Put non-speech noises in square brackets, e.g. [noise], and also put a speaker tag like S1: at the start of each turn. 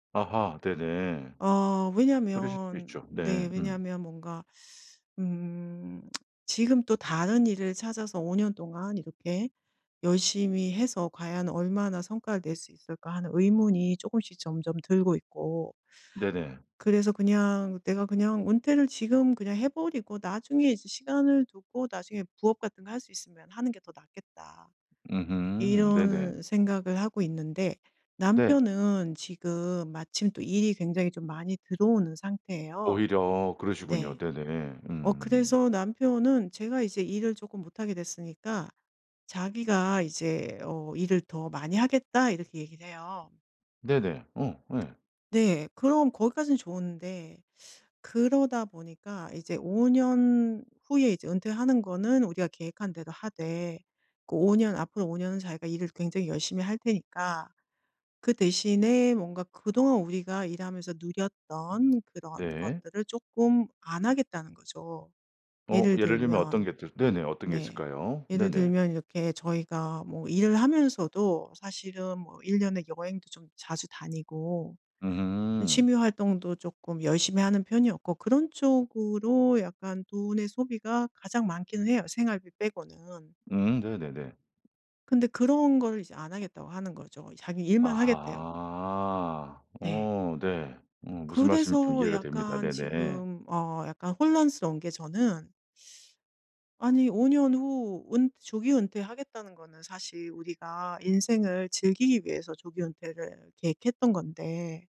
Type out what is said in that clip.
S1: 아하. 네네.
S2: 어
S1: 그러실 수
S2: 왜냐면
S1: 있죠.
S2: 네
S1: 네. 음.
S2: 왜냐면 뭔가 [sucks teeth] 음 [smacks lips] '지금 또 다른 일을 찾아서 5 년 동안 이렇게 열심히 해서 과연 얼마나 성과를 낼 수 있을까?' 하는 의문이 쪼끔씩 점점 들고 있고
S1: 네네.
S2: [sucks teeth] 그래서 그냥 '내가 그냥 은퇴를 지금 그냥 해 버리고 나중에 이제 시간을 두고 나중에 부업 같은 거 할 수 있으면 하는 게 더 낫겠다.'
S1: 음음. 네네.
S2: 이런 생각을 하고 있는데
S1: 네.
S2: 남편은 지금 마침 또 일이 굉장히 좀 많이 들어오는 상태예요.
S1: 오히려. 그러시군요.
S2: 네.
S1: 네네.
S2: 어
S1: 음.
S2: 그래서 남편은 제가 이제 일을 쪼끔 못 하게 됐으니까 자기가 이제 어 "일을 더 많이 하겠다." 이렇게 얘기를 해요.
S1: 네네. 어 예.
S2: [tsk] 네. 그럼 거기까진 좋은데 [sucks teeth] 그러다 보니까 이제 5 년 후에 이제 은퇴하는 거는 우리가 계획한 대로 하되 그 5 년 앞으로 5 년은 자기가 "일을 굉장히 열심히 할 테니까 그 대신에 뭔가 그동안 우리가 일하면서
S1: 음
S2: 누렸던 그런
S1: 네.
S2: 것들을 쪼끔 안 하겠다."는 거죠.
S1: 어
S2: 예를
S1: 예를 들면 어떤
S2: 들면
S1: 게 또 네네 어떤 게
S2: 네
S1: 있을까요?
S2: 예를
S1: 네네.
S2: 들면 이렇게 저희가 뭐 일을 하면서도 사실은 뭐 1 년에 여행도 좀 자주 다니고 이
S1: 음.
S2: 취미 활동도 쪼끔 열심히 하는 편이었고 그런 쪽으로 약간 돈의 소비가 가장 많기는 해요 생활비 빼고는.
S1: 음 네네네.
S2: 근데 그런 거를 이제 "안 하겠다."고 하는 거죠. 자기 일만 하겠대요.
S1: 아하.
S2: 네.
S1: 어 네. 음 무슨 말씀인지 좀
S2: 그래서
S1: 이해가 됩니다.
S2: 약간
S1: 네네.
S2: 지금 어 약간 혼란스러운 게 저는 아니 5 년 후 은 조기 은퇴하겠다는 거는 사실 우리가 인생을 즐기기 위해서 조기 은퇴를 계획했던 건데